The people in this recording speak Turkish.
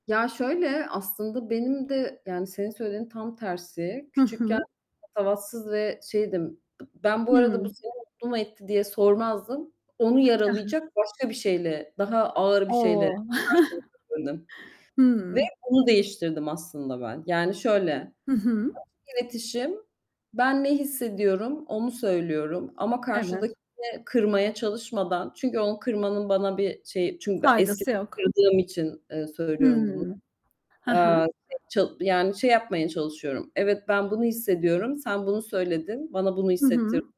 Ya, şöyle, aslında benim de, yani, senin söylediğinin tam tersi, Hı küçükken hı. patavatsız ve şeydim. B ben bu arada, "Bu Hıı! seni mutlu mu etti?" diye sormazdım. Onu He he. yaralayacak başka bir şeyle, daha ağır bir şeyle O! karşılık verirdim ve Hıı! bunu değiştirdim aslında ben. Yani, şöyle: Açık Hı hı. iletişim, ben ne hissediyorum onu söylüyorum ama Evet. karşıdakini kırmaya çalışmadan çünkü onu kırmanın bana bir şeyi Çünkü ben Faydası eskiden yok. kırıldığım için, ııı, söylüyorum bunu. Hımm, he he. Eee, şey çal yani, şey yapmaya çalışıyorum. Evet, ben bunu hissediyorum, sen bunu söyledin, bana bunu Hı hissettirdi hı.